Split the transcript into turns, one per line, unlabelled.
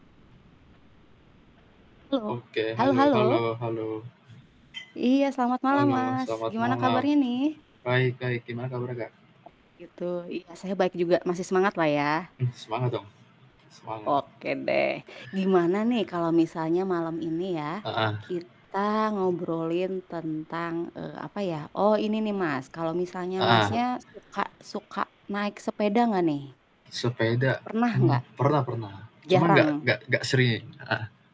Halo.
Oke,
Halo
halo
halo?
halo halo?
Iya, selamat malam
Halo
Mas,
selamat
gimana
malam,
kabarnya nih?
baik baik, gimana kabarnya, Kak?
Oh gitu, iya, saya baik juga, masih semangat lah ya?
Mmm, semangat dong, semangat.
Oke deh, gimana nih kalo misalnya malem ini ya,
Heeh.
kita ngobrolin tentang, eee, apa ya. Oh ini nih Mas, kalo misalnya Masnya
Heeh.
suka suka naik sepeda gak nih?
Sepeda?
Pernah gak?
Mmm, pernah pernah, cuma nggak
Jarang?
nggak nggak sering. Heeh.